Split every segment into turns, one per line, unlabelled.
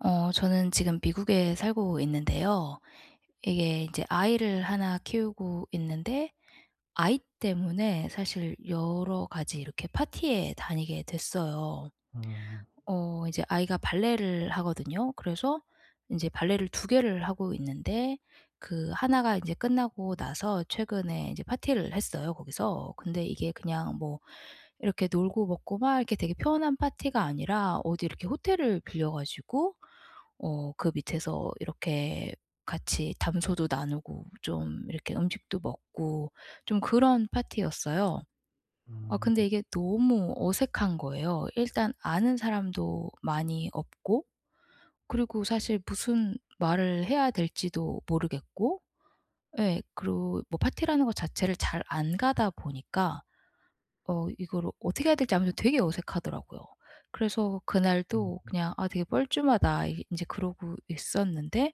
어 저는 지금 미국에 살고 있는데요. 이게 이제 아이를 하나 키우고 있는데 아이 때문에 사실 여러 가지 이렇게 파티에 다니게 됐어요.
음.
어 이제 아이가 발레를 하거든요. 그래서 인제 발레를 2 개를 하고 있는데 그 하나가 이제 끝나고 나서 최근에 이제 파티를 했어요, 거기서. 근데 이게 그냥 뭐 이렇게 놀고 먹고 막 이렇게 되게 편한 파티가 아니라 어디 이렇게 호텔을 빌려 가지고 어 그 밑에서 이렇게 같이 담소도 나누고 좀 이렇게 음식도 먹고 좀 그런 파티였어요. 아
음.
근데 이게 너무 어색한 거예요. 일단 아는 사람도 많이 없고 그리고 사실 무슨 말을 해야 될지도 모르겠고 예 그리고 뭐 파티라는 거 자체를 잘 안 가다 보니까 어 이거를 어떻게 해야 될지 아무래도 되게 어색하더라고요. 그래서
음.
그날도 그냥 '아 되게 뻘쭘하다.' 인제 그러고 있었는데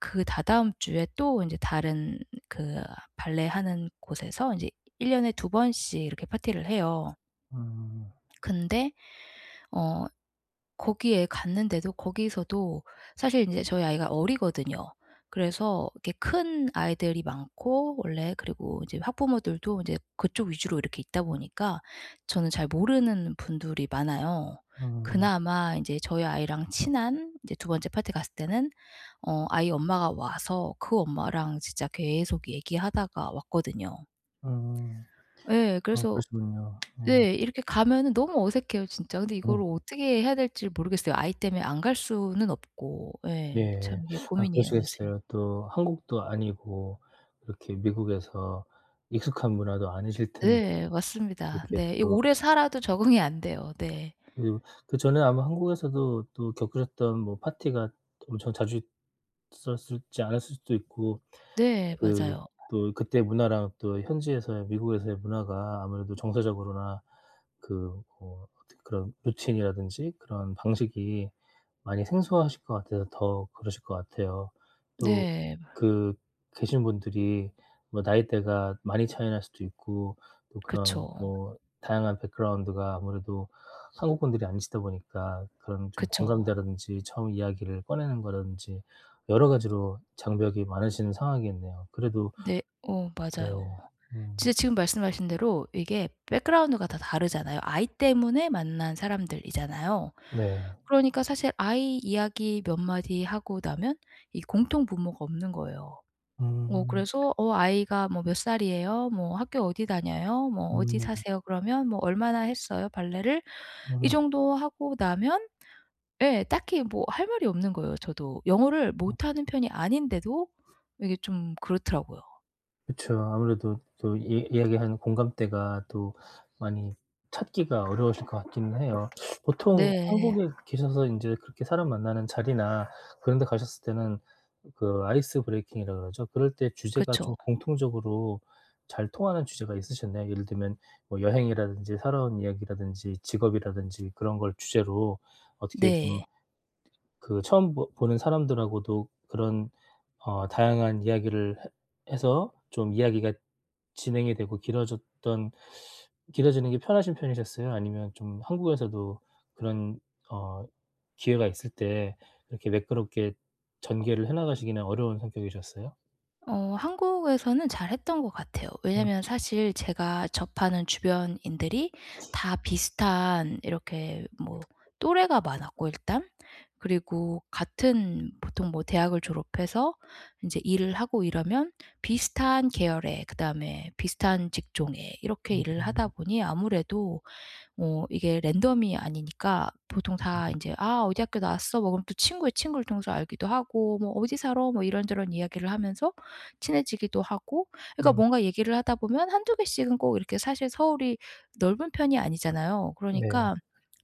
그 다다음 주에 또 인제 다른 그 발레하는 곳에서 이제 1 년에 2 번씩 이렇게 파티를 해요.
음.
근데 어 거기에 갔는데도 거기서도 사실 인제 저희 아이가 어리거든요. 그래서 이렇게 큰 아이들이 많고 원래 그리고 이제 학부모들도 이제 그쪽 위주로 이렇게 있다 보니까 저는 잘 모르는 분들이 많아요.
음.
그나마 이제 저희 아이랑 친한 이제 2 번째 파티 갔을 때는 어 아이 엄마가 와서 그 엄마랑 진짜 계속 얘기하다가 왔거든요.
음.
예,
아
그래서
그러시군요. 네.
네 이렇게 가면 너무 어색해요, 진짜. 근데
어.
이걸 어떻게 해야 될지를 모르겠어요. 아이 때문에 안 갈 수는 없고. 예.
예.
참 이게
아
고민이에요, 요새.
그러시겠어요. 또 한국도 아니고 이렇게 미국에서 익숙한 문화도 아니실 텐데.
네 맞습니다.
그렇게
네. 이게
또
오래 살아도
그쵸.
적응이 안 돼요. 네.
그리고 그전에 아마 한국에서도 또 겪으셨던 뭐 파티가 엄청 자주 있었을지 않았을 수도 있고
네,
그
맞아요.
또 그때 문화랑 또 현지에서의 미국에서의 문화가 아무래도 정서적으로나 그 뭐 어떻게 그런 루틴이라든지 그런 방식이 많이 생소하실 것 같아서 더 그러실 것 같아요. 또
네.
그 계신 분들이 뭐 나이대가 많이 차이 날 수도 있고 또 그런
그쵸.
뭐 다양한 백그라운드가 아무래도 한국분들이 아니시다 보니까 그런 좀
그쵸.
공감대라든지 처음 이야기를 꺼내는 거라든지 여러 가지로 장벽이 많으신 상황이겠네요. 그래도
네. 어
네.
맞아요.
음.
진짜 지금 말씀하신 대로 이게 백그라운드가 다 다르잖아요. 아이 때문에 만난 사람들이잖아요.
네.
그러니까 사실 아이 이야기 몇 마디 하고 나면 이 공통 분모가 없는 거예요. 어
음.
그래서 "어 아이가 뭐 몇 살이에요? 뭐 학교 어디 다녀요? 뭐 어디
음.
사세요? 그러면 뭐 얼마나 했어요? 발레를?" 이
음.
정도 하고 나면 네 딱히 뭐 할 말이 없는 거예요, 저도. 영어를
음.
못하는 편이 아닌데도 이게 좀 그렇더라고요.
그쵸. 아무래도 또 이 이야기하는 공감대가 또 많이 찾기가 어려우실 것 같긴 해요. 보통
네.
한국에 계셔서 인제 그렇게 사람 만나는 자리나 그런 데 가셨을 때는 그 아이스 브레이킹이라고 그러죠. 그럴 때 주제가 좀
그쵸.
공통적으로 잘 통하는 주제가 있으셨나요? 예를 들면 뭐 여행이라든지 살아온 이야기라든지 직업이라든지 그런 걸 주제로 어떻게 좀
네.
그 처음 보 보는 사람들하고도 그런 어 다양한 이야기를 해 해서 좀 이야기가 진행이 되고 길어졌던 길어지는 게 편하신 편이셨어요? 아니면 좀 한국에서도 그런 어 기회가 있을 때 그렇게 매끄럽게 전개를 해 나가시기는 어려운 성격이셨어요?
어 한국에서는 잘 했던 것 같아요.
음.
왜냐하면 사실 제가 접하는 주변인들이 다 비슷한 이렇게 뭐 또래가 많았고 일단 그리고 같은 보통 뭐 대학을 졸업해서 인제 일을 하고 이러면 비슷한 계열에 그다음에 비슷한 직종에 이렇게
음
일을
음.
하다 보니 아무래도 뭐 이게 랜덤이 아니니까 보통 다
음.
인제 "아 어디 학교 나왔어." 뭐 그럼 또 친구의 친구를 통해서 알기도 하고 뭐 "어디 살아?" 뭐 이런저런 이야기를 하면서 친해지기도 하고. 그러니까
음.
뭔가 얘기를 하다보면 1-2 개씩은 꼭 이렇게 사실 서울이 넓은 편이 아니잖아요.
네.
그러니까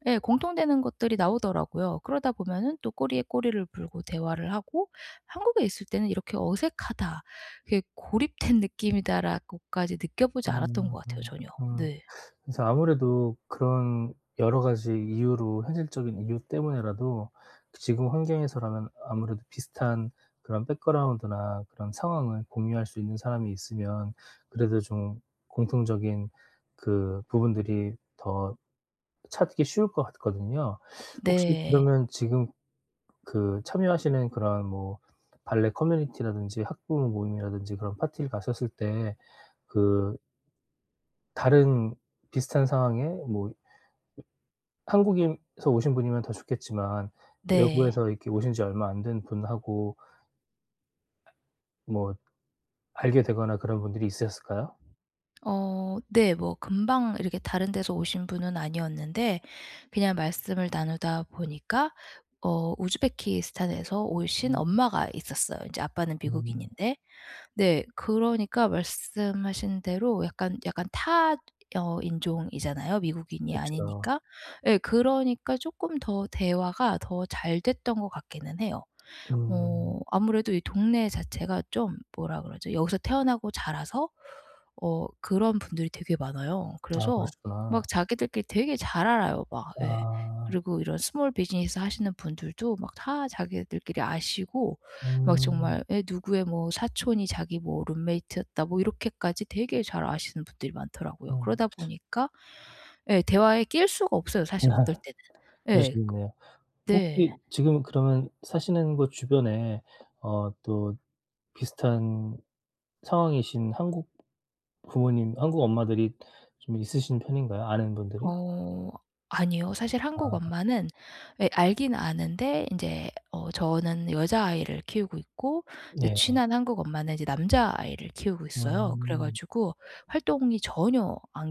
예 공통되는 것들이 나오더라고요. 그러다 보면은 또 꼬리에 꼬리를 물고 대화를 하고 한국에 있을 때는 이렇게 '어색하다.' 이렇게 '고립된 느낌이다.'라고까지 느껴 보지
아.
않았던 것 같아요, 전혀.
아.
네.
그래서 아무래도 그런 여러 가지 이유로 현실적인 이유 때문에라도 지금 환경에서라면 아무래도 비슷한 그런 백그라운드나 그런 상황을 공유할 수 있는 사람이 있으면 그래도 좀 공통적인 그 부분들이 더 찾기 쉬울 것 같거든요. 혹시
네.
그러면 지금 그 참여하시는 그런 뭐 발레 커뮤니티라든지 학부모 모임이라든지 그런 파티를 가셨을 때 그 다른 비슷한 상황에 뭐 ...한국에서 오신 분이면 더 좋겠지만
네.
외국에서 이렇게 오신지 얼마 안 된 분하고 뭐 알게 되거나 그런 분들이 있으셨을까요?
어 네 뭐 금방 이렇게 다른 데서 오신 분은 아니었는데 그냥 말씀을 나누다 보니까 어 우즈베키스탄에서 오신
음.
엄마가 있었어요, 이제 아빠는
음.
미국인인데. 네 그러니까 말씀하신 대로 약간 약간 타 어 인종이잖아요. 미국인이
그쵸.
아니니까. 예 그러니까 쪼끔 더 대화가 더 잘 됐던 것 같기는 해요.
음.
어 아무래도 이 동네 자체가 좀 뭐라 그러죠? 여기서 태어나고 자라서 어 그런 분들이 되게 많아요.
아
그래서
그러시구나.
막 자기들끼리 되게 잘 알아요 막 예.
아.
그리고 이런 스몰 비즈니스 하시는 분들도 막 다 자기들끼리 아시고 막
음.
정말 에 "누구의 뭐 사촌이 자기 뭐 룸메이트였다." 뭐 이렇게까지 되게 잘 아시는 분들이 많더라고요.
음.
그러다 보니까 예 대화에 낄 수가 없어요, 사실 어떨
아
때는. 예 그
그러시겠네요.
네.
혹시 지금 그러면 사시는 곳 주변에 어 또 비슷한 상황이신 한국 부모님, 한국 엄마들이 좀 있으신 편인가요? 아는 분들이?
어 아니요. 사실 한국
아.
엄마는 예 알긴 아는데 인제 어 저는 여자아이를 키우고 있고 이제
네.
친한 한국 엄마는 이제 남자 아이를 키우고 있어요. 그래
음.
가지고 활동이 전혀 안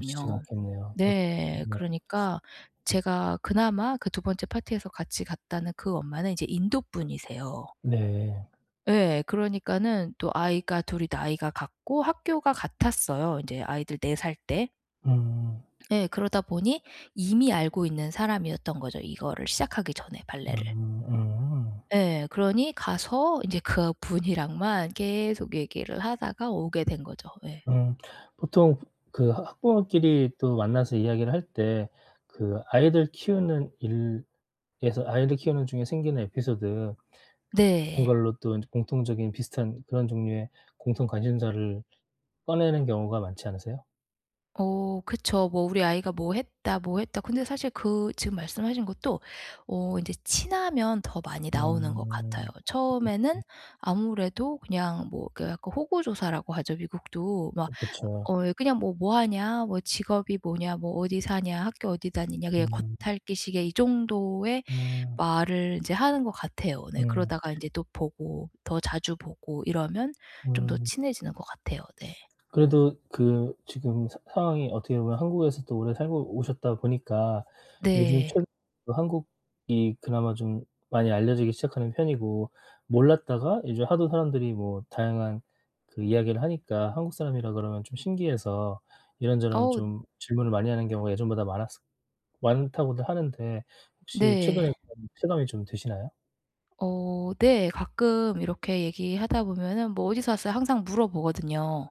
쉽지가 않겠네요. 그렇게 되면
네.
네.
그러니까 제가 그나마 그 2 번째 파티에서 같이 갔다는 그 엄마는 인제 인도 분이세요.
네.
예. 그러니까는 또 아이가 둘이 나이가 같고 학교가 같았어요 인제 아이들 4 살 때.
음.
예, 그러다 보니 이미 알고 있는 사람이었던 거죠, 이거를 시작하기 전에
음
발레를.
음.
예 그러니 가서 인제 그분이랑만 계속 얘기를 하다가 오게 된 거죠. 예.
음 보통 그 하 학부모끼리 또 만나서 이야기를 할 때 그 아이들 키우는 일에서 아이를 키우는 중에 생기는 에피소드 그런
네.
걸로 또 공통적인 비슷한 그런 종류의 공통 관심사를 꺼내는 경우가 많지 않으세요?
어 그쵸. 뭐 "우리 아이가 뭐 했다, 뭐 했다." 근데 사실 그 지금 말씀하신 것도 어 이제 친하면 더 많이
음.
나오는 것 같아요.
음음.
처음에는 아무래도 그냥 뭐 그 약간 호구조사라고 하죠, 미국도. 막
그 그쵸.
어 그냥 뭐 "뭐하냐. 뭐 직업이 뭐냐. 뭐 어디 사냐. 학교 어디 다니냐." 그냥
음.
겉핥기 식의 이 정도의
음.
말을 인제 하는 것 같아요. 네.
음.
그러다가 이제 또 보고 더 자주 보고 이러면 좀 더
음.
친해지는 것 같아요. 네.
그래도 그 지금 사 상황이 어떻게 보면 한국에서 또 오래 살고 오셨다 보니까 요즘
네.
최근 한국이 그나마 좀 많이 알려지기 시작하는 편이고 몰랐다가 이제 하도 사람들이 뭐 다양한 그 이야기를 하니까 한국 사람이라 그러면 좀 신기해서 이런저런
어.
좀 질문을 많이 하는 경우가 예전보다 많았을 많다고들 하는데 혹시
네.
최근에 그런 체감이 좀 드시나요?
어 네 가끔 이렇게 얘기하다 보면은 뭐 "어디서 왔어요?" 항상 물어보거든요.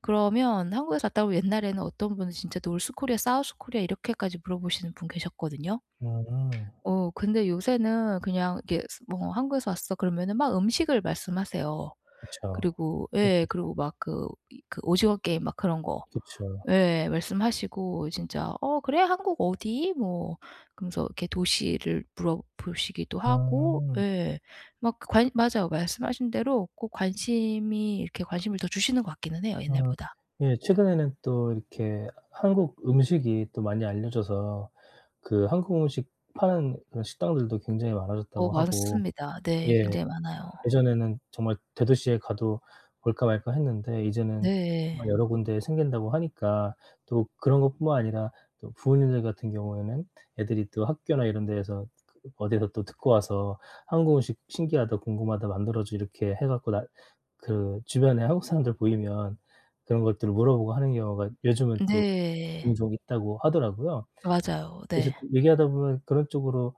그러면 한국에서 왔다 그러면 옛날에는 어떤 분은 진짜 "North Korea, South Korea?" 이렇게까지 물어보시는 분 계셨거든요.
음.
어 근데 요새는 그냥 이렇게 뭐 "한국에서 왔어." 그러면은 막 음식을 말씀하세요.
그쵸.
그리고 예
[unintelligible]
그리고 막 그 이 그 오징어 게임 막 그런 거
그쵸.
예 말씀하시고 진짜 "어 그래 한국 어디?" 뭐 그러면서 이렇게 도시를 물어 보시기도 하고
음.
예 막 관 맞아요. 말씀하신 대로 꼭 관심이 이렇게 관심을 더 주시는 것 같기는 해요
음
옛날보다.
예 최근에는 또 이렇게 한국 음식이 또 많이 알려져서 그 한국 음식 파는 그런 식당들도 굉장히
어
많아졌다고 하고
많습니다. 네,
예
굉장히 많아요.
예전에는 정말 대도시에 가도 볼까 말까 했는데 이제는
네.
여러 군데 생긴다고 하니까 또 그런 것 뿐만 아니라 또 부모님들 같은 경우에는 애들이 또 학교나 이런 데에서 그 어디서 또 듣고 와서 "한국 음식 신기하다. 궁금하다. 만들어 줘." 이렇게 해 갖고 나 그 주변에 한국 사람들 보이면 그런 것들을 물어보고 하는 경우가 요즘은 또
네.
종종 있다고 하더라고요.
맞아요.
그래서
네.
얘기하다 보면 그런 쪽으로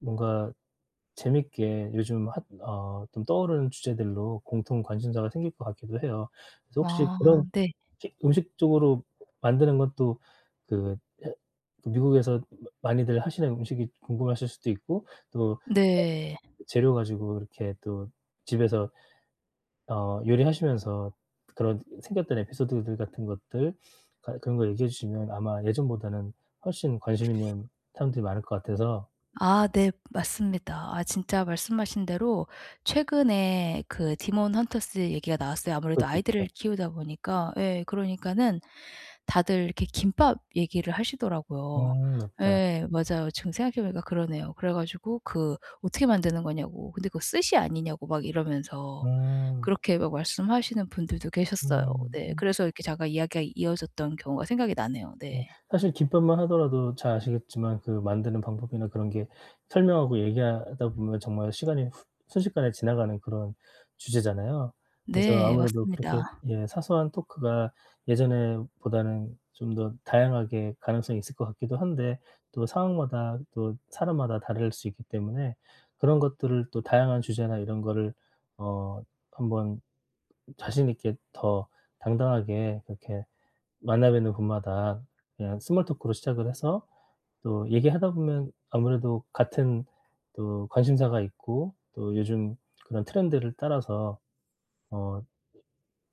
뭔가 재밌게 요즘 핫 어 좀 떠오르는 주제들로 공통 관심사가 생길 것 같기도 해요. 그래서 혹시
아
그런
네.
킥 음식 쪽으로 만드는 것도 그 해 미국에서 마 많이들 하시는 음식이 궁금하실 수도 있고 또
네.
[unintelligible] 재료 가지고 이렇게 또 집에서 어 요리하시면서 그런 생겼던 에피소드들 같은 것들 갈 그런 거 얘기해 주시면 아마 예전보다는 훨씬 관심있는 사람들이 많을 것 같아서
아 네. 맞습니다. 아 진짜 말씀하신 대로 최근에 그 디몬 헌터스 얘기가 나왔어요. 아무래도
그것도 있죠.
아이들을 키우다 보니까 예 그러니까는 다들 이렇게 김밥 얘기를 하시더라고요.
음 맞다.
예 맞아요. 지금 생각해 보니까 그러네요. 그래 가지고 그 어떻게 만드는 거냐고. 근데 그 스시 아니냐고 막 이러면서
음.
그렇게 막 말씀하시는 분들도 계셨어요.
음
네.
음.
그래서 이렇게 잠깐 이야기가 이어졌던 경우가 생각이 나네요.
예
네.
사실 김밥만 하더라도 잘 아시겠지만 그 만드는 방법이나 그런 게 설명하고 얘기하다 보면 정말 시간이 순식간에 지나가는 그런 주제잖아요. 그래서
네,
아무래도 그렇게
맞습니다.
예 사소한 토크가 예전에 보다는 좀 더 다양하게 가능성이 있을 것 같기도 한데 또 상황마다 또 사람마다 다를 수 있기 때문에 그런 것들을 또 다양한 주제나 이런 거를 어 한번 자신있게 더 당당하게 그렇게 만나 뵈는 분마다 그냥 스몰 토크로 시작을 해서 또 얘기하다 보면 아무래도 같은 또 관심사가 있고 또 요즘 그런 트렌드를 따라서 어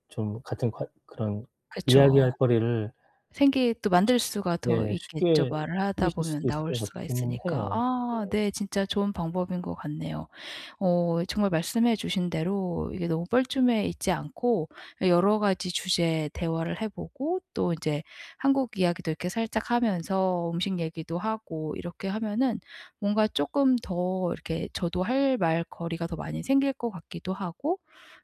좀 같은 과 그런
그쵸.
이야기할 거리를
생계 또 만들 수가 더
네.
있겠죠
쉽게
말을 하다
생기실
보면
수도 있을
나올
것
수가
같기는
있으니까.
해요. 네.
아 네, 진짜 좋은 방법인 것 같네요. 어 정말 말씀해 주신 대로 이게 너무 뻘쭘해 있지 않고 여러 가지 주제에 대화를 해 보고 또 이제 한국 이야기도 이렇게 살짝 하면서 음식 얘기도 하고 이렇게 하면은 뭔가 쪼끔 더 이렇게 저도 할 말 거리가 더 많이 생길 것 같기도 하고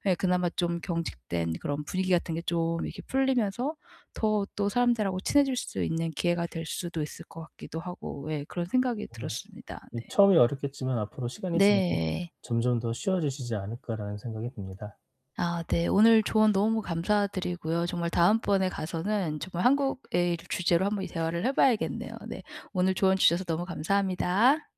예 그나마 좀 경직된 그런 분위기 같은 게 좀 이렇게 풀리면서 더 또 사람들하고 친해질 수 있는 기회가 될 수도 있을 것 같기도 하고 예 그런 생각이
네.
들었습니다.
이
네.
처음이 어렵겠지만 '앞으로 시간이 지나면
네.
점점 더 쉬워지시지 않을까.'라는 생각이 듭니다.
아 네. 오늘 조언 너무 감사드리고요. 정말 다음번에 가서는 정말 한국에 를 주제로 한번 이 대화를 해 봐야겠네요. 네. 오늘 조언 주셔서 너무 감사합니다.